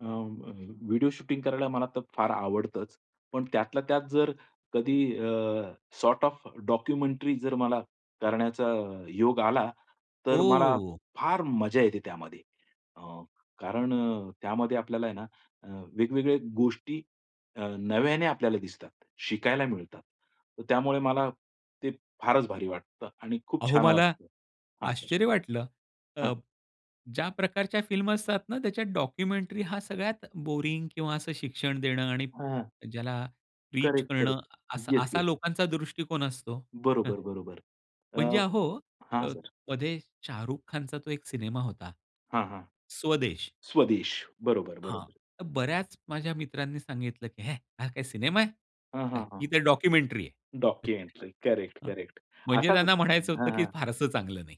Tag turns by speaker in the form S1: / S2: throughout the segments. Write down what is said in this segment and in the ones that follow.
S1: अं, अ, video shooting करायला मला तर फार आवडतंच, पण त्यातल्या त्यात जर कधी अ, सॉर्ट ऑफ डॉक्युमेंटरी जर मला करण्याचा योग आला, तर मला
S2: ओह!
S1: फार मजा येते त्यामध्ये अ, कारण अ, त्यामध्ये आपल्याला आहे ना अ, वेगवेगळ्या गोष्टी अ, नव्याने आपल्याला दिसतात, शिकायला मिळतात. तर त्यामुळे मला ते फारच भारी वाटतं आणि खूप
S2: अहो
S1: छान
S2: मला
S1: वाटतं हां सर.
S2: आश्चर्य वाटलं. अ,
S1: हां.
S2: ज्या प्रकारच्या फिल्म असतात ना, त्याच्यात डॉक्युमेंटरी हां सगळ्यात बोरिंग किंवा असं शिक्षण देणं आणि
S1: हां.
S2: ज्याला रीच
S1: करेक्ट,
S2: करणं
S1: करेक्ट.
S2: अस
S1: येस,
S2: असा
S1: येस, येस.
S2: लोकांचा दृष्टिकोन असतो.
S1: बरोबर, बरोबर.
S2: म्हणजे
S1: अ,
S2: अहो,
S1: हां,
S2: अ,
S1: सर.
S2: मध्ये शाहरुख खानचा तो एक सिनेमा होता.
S1: हां, हां.
S2: स्वदेश.
S1: स्वदेश. बरोबर,
S2: हां,
S1: बरोबर.
S2: तर बऱ्याच माझ्या मित्रांनी सांगितलं की "हे हा काय सिनेमा
S1: हां,
S2: आहे?
S1: हां, हां.
S2: ही तर डॉक्युमेंटरी आहे." हं,
S1: डॉक्युमेंटरी. करेक्ट,
S2: हां.
S1: करेक्ट
S2: म्हणजे
S1: असाच
S2: त्यांना म्हणायचं होतं,
S1: हां,
S2: की
S1: हां.
S2: फारसं चांगलं नाही.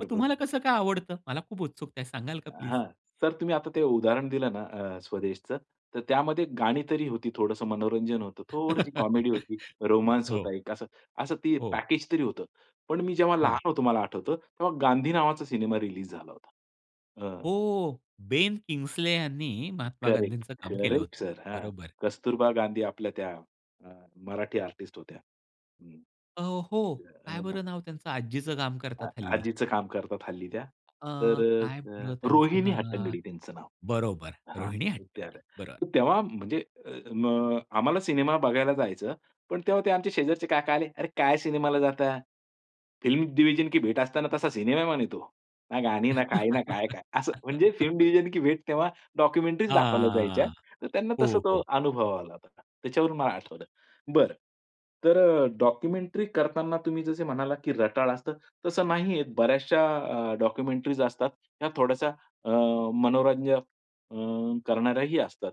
S2: मग तुम्हाला
S1: बरोबर.
S2: कसं काय आवडतं? मला खूप उत्सुकता आहे, सांगाल का प्लीज?
S1: हां. सर तुम्ही आता ते उदाहरण दिलं ना अ, स्वदेशचं तर त्यामध्ये गाणी तरी होती, थोडंसं मनोरंजन होतं, थोडीशी कॉमेडी होती, रोमान्स
S2: हो.
S1: होता एक अस असं ते
S2: हो.
S1: पॅकेजतरी होतं. पण मी जेव्हा
S2: हं.
S1: लहान होतो मला आठवतं तेव्हा गांधी नावाचा सिनेमा रिलीज झाला होता. अ
S2: हो, बेन किंग्सले यांनी महात्मा
S1: करेक्ट.
S2: गांधींचं काम केलं
S1: करेक्ट
S2: होतं.
S1: सर. हां,
S2: बरोबर.
S1: कस्तुरबा गांधी आपल्या त्या अ, मराठी आर्टिस्ट होत्या. हं,
S2: अ, हो. काय
S1: अ
S2: बरं नाव त्यांचं? आजीचं काम करतात
S1: आ
S2: हल्ली.
S1: आजीचं काम करतात हल्ली त्या.
S2: अ,
S1: तर
S2: काय
S1: अ,
S2: बरं त्यांचं
S1: रोहिणी
S2: नाव?
S1: हट्टंगडी त्यांचं नाव.
S2: बरोबर,
S1: हां,
S2: रोहिणी हट्टंगडी. बरोबर.
S1: तर तेव्हा म्हणजे अ, आम्हाला सिनेमा बघायला जायचं, पण तेव्हा ते आमचे शेजारचे काका आले, "अरे काय सिनेमाला जाताय? फिल्म डिव्हिजन की भेट असतं ना तसा सिनेमा म्हणे तो, ना गाणी ना काय ना काय-काय?" असं म्हणजे फिल्म डिव्हिजन की भेट तेव्हा डॉक्युमेंटरी दाखवल्या जायच्या,
S2: हां.
S1: तर त्यांना
S2: हो,
S1: तसा तो
S2: हो.
S1: अनुभव आला होता. त्याच्यावरून मला आठवलं. बरं, तर अ, डॉक्युमेंटरी करतांना तुम्ही जसं म्हणालात, की रटाळ असतं, तसं नाहीये बऱ्याचशा अ, डॉक्युमेंटरीज असतात ह्या थोड्याशा अ, मनोरंजन अं, करणाऱ्याही असतात.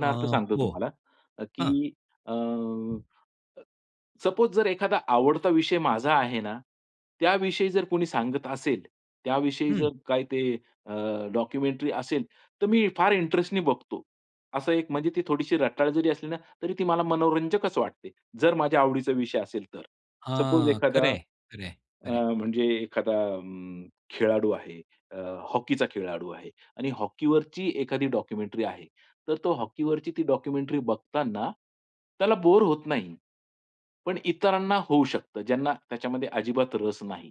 S2: अ,
S1: सांगतो
S2: हो,
S1: तुम्हाला,
S2: हां.
S1: की अं, सपोज जर एखादा आवडता विषय माझा आहे ना, त्याविषयी जर कोणी सांगत असेल, त्याविषयी
S2: हं.
S1: जर काही ते अ, डॉक्युमेंटरी असेल तर मी फार इंटरेस्टने बघतो. असं एक म्हणजे ती थोडीशी रटाळ जरी असली ना, तरी ती मला मनोरंजकच वाटते, जर माझ्या आवडीचा विषय असेल तर. सपोज
S2: हां,
S1: एखादा
S2: खरंय, खरंय,
S1: अ,
S2: खरंय.
S1: म्हणजे एखादा अं, खेळाडू आहे. अ, हॉकीचा खेळाडू आहे आणि हॉकीवरची एखादी डॉक्युमेंटरी आहे. तर तो हॉकीवरची ती डॉक्युमेंटरी बघताना त्याला बोर होत नाही. पण इतरांना होऊ शकतं ज्यांना त्याच्यामध्ये अजिबात रस नाही.